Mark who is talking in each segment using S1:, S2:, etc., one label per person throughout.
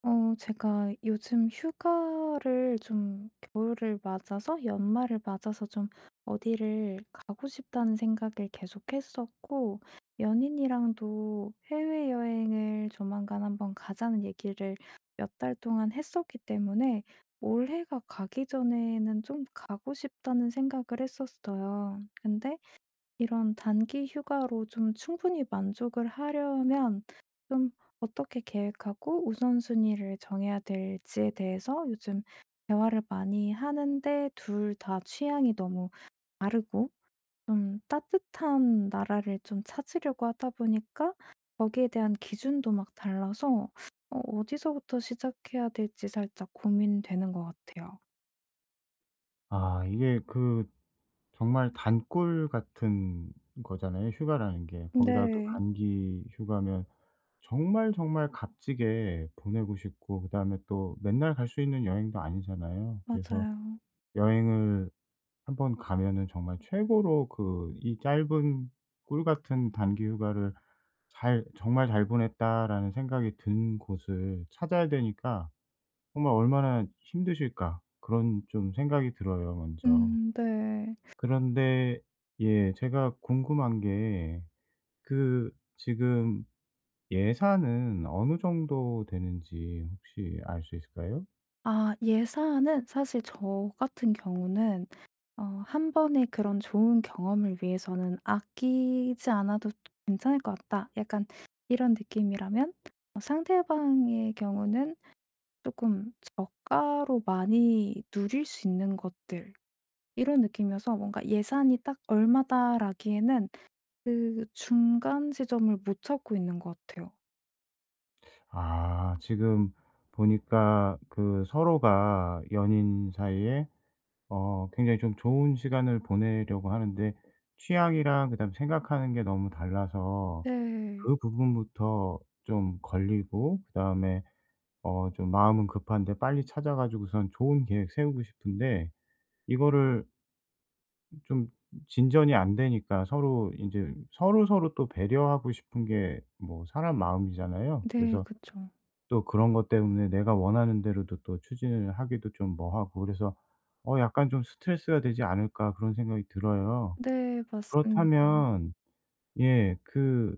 S1: 어 제가 요즘 휴가를 좀 겨울을 맞아서 연말을 맞아서 좀 '어디를 가고 싶다.'는 생각을 계속 했었고 연인이랑도 "해외여행을 조만간 1 번 가자."는 얘기를 몇 달 동안 했었기 때문에 '올해가 가기 전에는 좀 가고 싶다.'는 생각을 했었어요. 근데 이런 단기 휴가로 좀 충분히 만족을 하려면 좀 어떻게 계획하고 우선순위를 정해야 될지에 대해서 요즘 대화를 많이 하는데 2 다 취향이 너무 다르고 좀 따뜻한 나라를 좀 찾으려고 하다 보니까 거기에 대한 기준도 막 달라서 어 어디서부터 시작해야 될지 살짝 고민되는 것 같아요.
S2: 아 이게 그 정말 단꿀 같은 거잖아요 휴가라는 게. 거기다가 또
S1: 네.
S2: 단기 휴가면 정말, 정말 값지게 보내고 싶고 그다음에 또 맨날 갈 수 있는 여행도 아니잖아요. 그래서
S1: 맞아요.
S2: 여행을 한번 가면은 정말 최고로 그 이 짧은 꿀 같은 단기 휴가를 잘 '정말 잘 보냈다.'라는 생각이 든 곳을 찾아야 되니까 정말 '얼마나 힘드실까.' 그런 좀 생각이 들어요 먼저.
S1: 음 네.
S2: 그런데 예 제가 궁금한 게 그 지금 예산은 어느 정도 되는지 혹시 알 수 있을까요?
S1: 아 예산은 사실 저 같은 경우는 어 '1 번의 그런 좋은 경험을 위해서는 아끼지 않아도 괜찮을 것 같다.' 약간 이런 느낌이라면 상대방의 경우는 조금 '저가로 많이 누릴 수 있는 것들.' 이런 느낌이어서 뭔가 예산이 딱 얼마다라기에는 그 중간 지점을 못 찾고 있는 것 같아요.
S2: 아 지금 보니까 그 서로가 연인 사이에 어 굉장히 좀 좋은 시간을 보내려고 하는데 취향이랑 그다음에 생각하는 게 너무 달라서
S1: 네.
S2: 그 부분부터 좀 걸리고 그다음에 어 좀 마음은 급한데 빨리 찾아가지고선 좋은 계획 세우고 싶은데 이거를 좀 진전이 안 되니까 서로 인제 서로서로 또 배려하고 싶은 게 뭐 사람 마음이잖아요.
S1: 네
S2: 그래서
S1: 그쵸.
S2: 또 그런 것 때문에 내가 원하는 대로도 또 추진을 하기도 좀 뭐 하고 그래서 '어 약간 좀 스트레스가 되지 않을까?' 그런 생각이 들어요.
S1: 네 맞습니다.
S2: 그렇다면 예. 그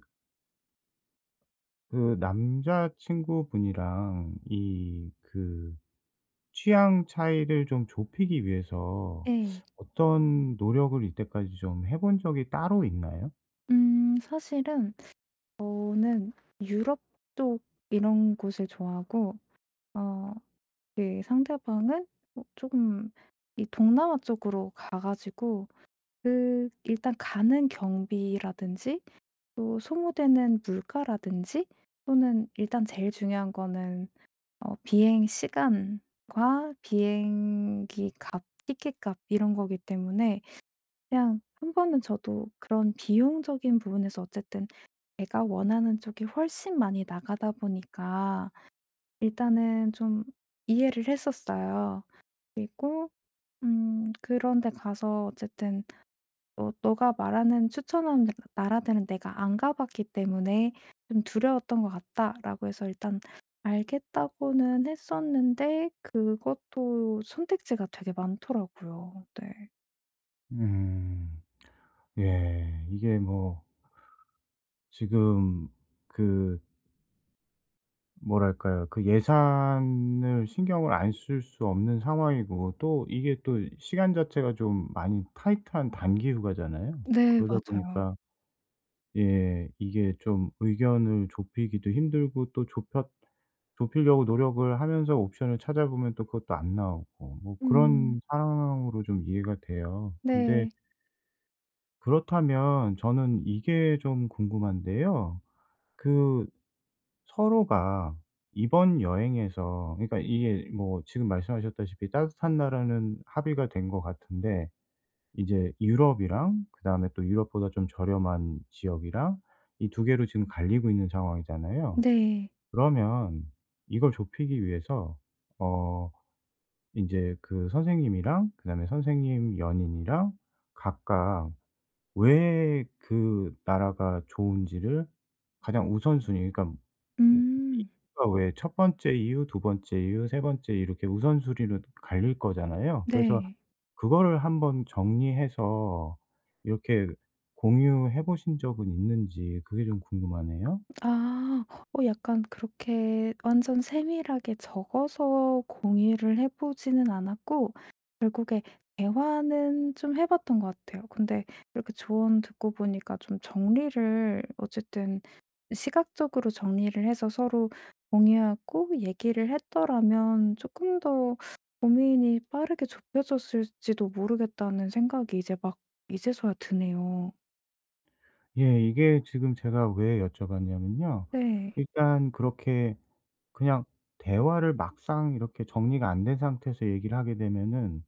S2: 그 남자 친구분이랑 이 그 취향 차이를 좀 좁히기 위해서
S1: 네.
S2: 어떤 노력을 이때까지 좀 해 본 적이 따로 있나요?
S1: 음 사실은 저는 유럽 쪽 이런 곳을 좋아하고 어 예 상대방은 어 쪼금 이 동남아 쪽으로 가 가지고 그 일단 가는 경비라든지 또 소모되는 물가라든지 또는 일단 제일 중요한 거는 어 비행 시간과 비행기 값, 티켓 값 이런 거기 때문에 그냥 1 번은 저도 그런 비용적인 부분에서 어쨌든 내가 원하는 쪽이 훨씬 많이 나가다 보니까 일단은 좀 이해를 했었어요. 그리고 음 그런 데 가서 어쨌든 "어 너가 말하는 추천하는 나라들은 내가 안 가봤기 때문에 좀 두려웠던 것 같다."라고 해서 일단 "알겠다."고는 했었는데 그것도 선택지가 되게 많더라고요. 네.
S2: 음. 예 이게 뭐 지금 그 뭐랄까요. 그 예산을 신경을 안 쓸 수 없는 상황이고 또 이게 또 시간 자체가 좀 많이 타이트한 단기 휴가잖아요.
S1: 네
S2: 그러다
S1: 맞아요.
S2: 보니까 예 이게 좀 의견을 좁히기도 힘들고 또 좁혔 좁히려고 노력을 하면서 옵션을 찾아보면 또 그것도 안 나오고 뭐
S1: 음.
S2: 그런 상황으로 좀 이해가 돼요. 근데
S1: 네.
S2: 그렇다면 저는 이게 좀 궁금한데요. 그 서로가 이번 여행에서 그러니까 이게 뭐 지금 말씀하셨다시피 따뜻한 나라는 합의가 된 것 같은데 이제 유럽이랑 그다음에 또 유럽보다 좀 저렴한 지역이랑 이 2 개로 지금 갈리고 있는 상황이잖아요.
S1: 네.
S2: 그러면 이걸 좁히기 위해서 어 인제 그 선생님이랑 그다음에 선생님 연인이랑 각각 왜 그 나라가 좋은지를 가장 우선 순위 그러니까 뭐 이
S1: 음.
S2: 그니까 왜 1 번째 이유, 2 번째 이유, 3 번째 이유 이렇게 우선순위로 갈릴 거잖아요. 그래서
S1: 네.
S2: 그거를 한번 정리해서 이렇게 공유해 보신 적은 있는지 그게 좀 궁금하네요.
S1: 아. 어 약간 그렇게 완전 세밀하게 적어서 공유를 해 보지는 않았고 결국에 대화는 좀 해 봤던 것 같아요. 근데 이렇게 조언 듣고 보니까 좀 정리를 어쨌든 '시각적으로 정리를 해서 서로 공유하고 얘기를 했더라면 쪼끔 더 고민이 빠르게 좁혀졌을지도 모르겠다.'는 생각이 이제 막 이제서야 드네요.
S2: 예 이게 지금 제가 왜 여쭤봤냐면요
S1: 네.
S2: 일단 그렇게 그냥 대화를 막상 이렇게 정리가 안 된 상태에서 얘기를 하게 되면은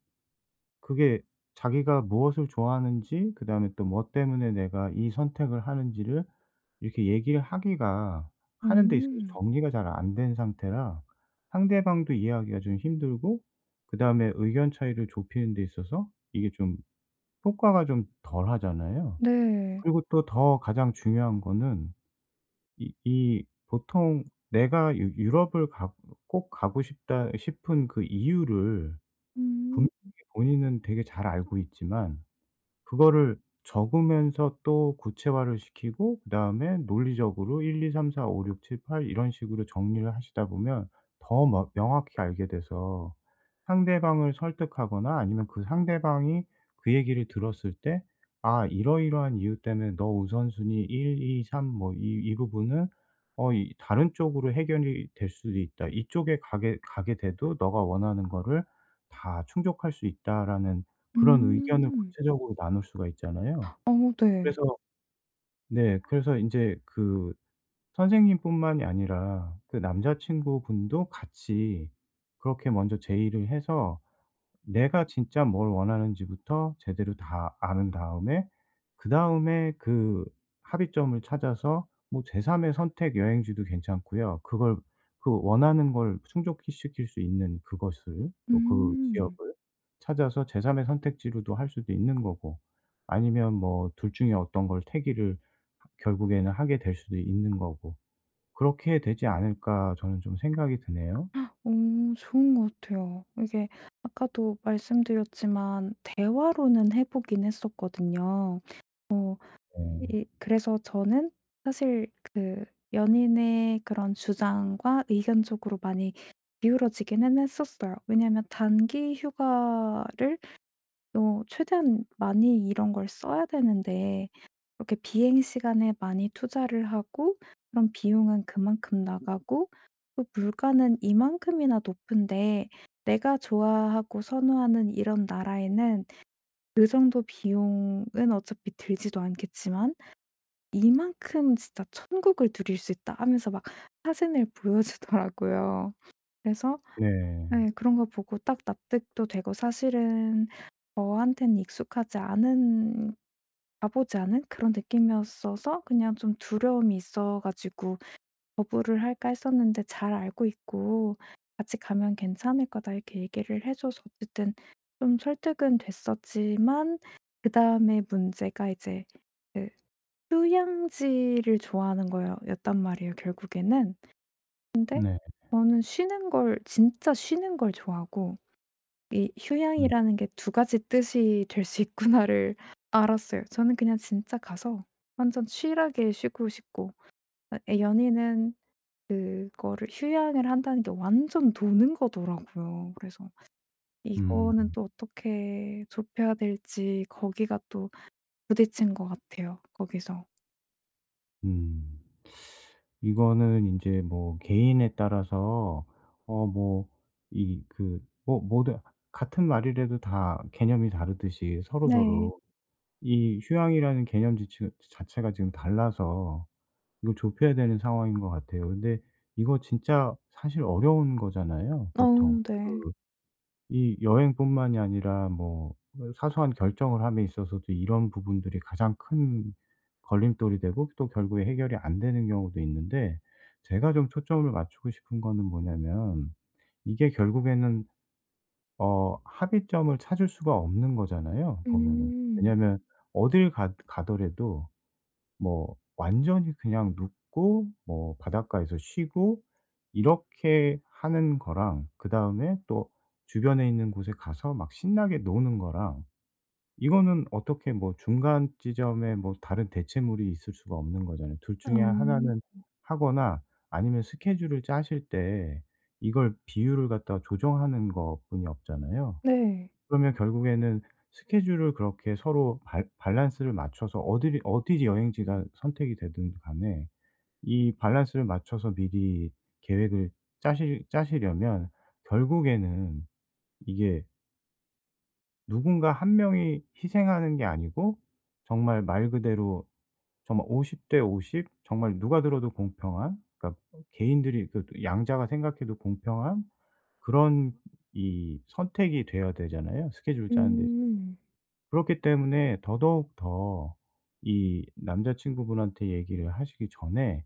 S2: 그게 자기가 무엇을 좋아하는지 그 다음에 또 뭐 때문에 내가 이 선택을 하는지를 이렇게 얘기를 하기가 하는 데 있어서
S1: 음.
S2: 정리가 잘 안 된 상태라 상대방도 이해하기가 좀 힘들고 그 다음에 의견 차이를 좁히는 데 있어서 이게 좀 효과가 좀 덜 하잖아요.
S1: 네.
S2: 그리고 또 더 가장 중요한 거는 이 이 보통 내가 유 유럽을 가 꼭 가고 싶다 이 싶은 그 이유를
S1: 음.
S2: 분명히 본인은 되게 잘 알고 있지만 그거를 적으면서 또 구체화를 시키고 그 다음에 논리적으로 1, 2, 3, 4, 5, 6, 7, 8 이런 식으로 정리를 하시다 보면 더 머 명확히 알게 돼서 상대방을 설득하거나 아니면 그 상대방이 그 얘기를 들었을 때 "아 이러이러한 이유 때문에 너 우선 순위 1, 2, 3 뭐 이 이 부분은 어 이 다른 쪽으로 해결이 될 수도 있다. 이쪽에 가게 가게 돼도 너가 원하는 거를 다 충족할 수 있다."라는 그런 의견을
S1: 음.
S2: 구체적으로 나눌 수가 있잖아요.
S1: 어머 네.
S2: 그래서 네 그래서 인제 그 선생님 뿐만이 아니라 그 남자친구 분도 같이 그렇게 먼저 제의를 해서 내가 진짜 뭘 원하는지부터 제대로 다 안 다음에 그다음에 그 합의점을 찾아서 뭐 제삼의 선택 여행지도 괜찮고요. 그걸 그 원하는 걸 충족 시킬 수 있는 그것을 뭐 그
S1: 음.
S2: 지역을 찾아서 제삼의 선택지로도 할 수도 있는 거고 아니면 뭐 2 중에 어떤 걸 택일을 결국에는 하게 될 수도 있는 거고. 그렇게 되지 않을까 저는 좀 생각이 드네요.
S1: 음 좋은 것 같아요. 이게 아까도 말씀드렸지만 대화로는 해 보긴 했었거든요. 어
S2: 네.
S1: 이 그래서 저는 사실 그 연인의 그런 주장과 의견쪽으로 많이 기울어지기는 했었어요. 왜냐하면 단기 휴가를 어 최대한 많이 이런 걸 써야 되는데 이렇게 비행시간에 많이 투자를 하고 그럼 비용은 그만큼 나가고 또 물가는 이만큼이나 높은데 내가 좋아하고 선호하는 이런 나라에는 그 정도 비용은 어차피 들지도 않겠지만 "이만큼 진짜 천국을 누릴 수 있다." 하면서 막 사진을 보여주더라고요. 그래서
S2: 네.
S1: 예 그런 거 보고 딱 납득도 되고 사실은 저한테는 익숙하지 않은 가 보지 않은 그런 느낌이었어서 그냥 좀 두려움이 있어 가지고 거부를 할까 했었는데 "잘 알고 있고 같이 가면 괜찮을 거다." 이렇게 얘기를 해 줘서 어쨌든 좀 설득은 됐었지만 그다음에 문제가 이제 그 휴양지를 좋아하는 거여 였단 말이에요 결국에는. 근데
S2: 네.
S1: 저는 쉬는 걸 진짜 쉬는 걸 좋아하고 '이
S2: 음.
S1: 휴양이라는 게 2 가지 뜻이 될 수 있구나.'를 알았어요. 저는 그냥 진짜 가서 완전 chill하게 쉬고 싶고 어 애 연인은 그거를 휴양을 한다는 게 완전 노는 거더라고요. 그래서 이거는
S2: 음.
S1: 또 어떻게 좁혀야 될지 거기가 또 부딪힌 것 같아요 거기서.
S2: 음. 이거는 인제 뭐 개인에 따라서 어 뭐 이 그 뭐 뭐든 같은 말이래도 다 개념이 다르듯이
S1: 네.
S2: 서로서로 이 휴양이라는 개념 지체가 자체가 지금 달라서 이걸 좁혀야 되는 상황인 것 같아요. 근데 이거 진짜 사실 어려운 거잖아요 보통.
S1: 어우
S2: 그
S1: 네.
S2: 이 여행뿐만이 아니라 뭐 사소한 결정을 함에 있어서도 이런 부분들이 가장 큰 걸림돌이 되고 또 결국에 해결이 안 되는 경우도 있는데 제가 좀 초점을 맞추고 싶은 거는 뭐냐면 이게 결국에는 어 합의점을 찾을 수가 없는 거잖아요 보면은.
S1: 음.
S2: 왜냐하면 어딜 가 가더라도 뭐 완전히 그냥 눕고 뭐 바닷가에서 쉬고 이렇게 하는 거랑 그다음에 또 주변에 있는 곳에 가서 막 신나게 노는 거랑 이거는 어떻게 뭐 중간 지점에 뭐 다른 대체물이 있을 수가 없는 거잖아요. 2
S1: 어.
S2: 중에 1 는 하거나 아니면 스케줄을 짜실 때 이걸 비율을 갖다가 조정하는 것뿐이 없잖아요.
S1: 네.
S2: 그러면 결국에는 스케줄을 그렇게 서로 밸 밸런스를 맞춰서 어디를 어디 여행지가 선택이 되든 간에 이 밸런스를 맞춰서 미리 계획을 짜실 짜시려면 결국에는 이게 누군가 1 명이 희생하는 게 아니고 정말 말 그대로 정말 50 대 50 정말 누가 들어도 공평한 그러니까 개인들이 그것도 양자가 생각해도 공평한 그런 이 선택이 돼야 되잖아요, 스케줄을 짜는 데 있어서.
S1: 음.
S2: 그렇기 때문에 더더욱 더 이 남자 친구분한테 얘기를 하시기 전에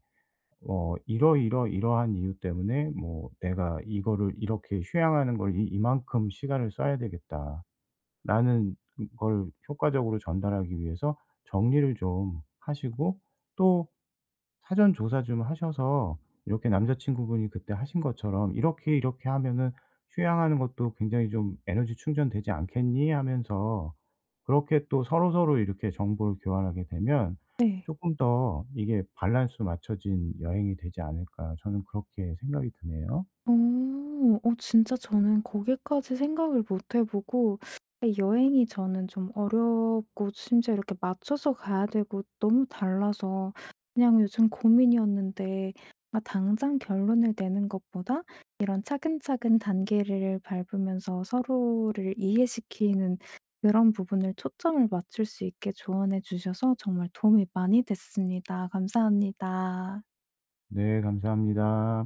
S2: 어 '이러이러이러한 이유 때문에 뭐 내가 이거를 이렇게 휴양하는 걸 이 이만큼 시간을 써야 되겠다.'라는 걸 효과적으로 전달하기 위해서 정리를 좀 하시고 또 사전 조사 좀 하셔서 이렇게 남자 친구분이 그때 하신 것처럼 "이렇게, 이렇게 하면은 휴양하는 것도 굉장히 좀 에너지 충전되지 않겠니?" 하면서 그렇게 또 서로서로 이렇게 정보를 교환하게 되면
S1: 네.
S2: 쪼끔 더 이게 '발란스 맞춰진 여행이 되지 않을까.' 저는 그렇게 생각이 드네요.
S1: 어. 어 진짜 저는 거기까지 생각을 못 해 보고 여행이 저는 좀 어렵고 심지어 이렇게 맞춰서 가야 되고 너무 달라서 그냥 요즘 고민이었는데 아 당장 결론을 내는 것보다 이런 차근차근 단계를 밟으면서 서로를 이해시키는 그런 부분을 초점을 맞출 수 있게 조언해 주셔서 정말 도움이 많이 됐습니다. 감사합니다.
S2: 네. 감사합니다.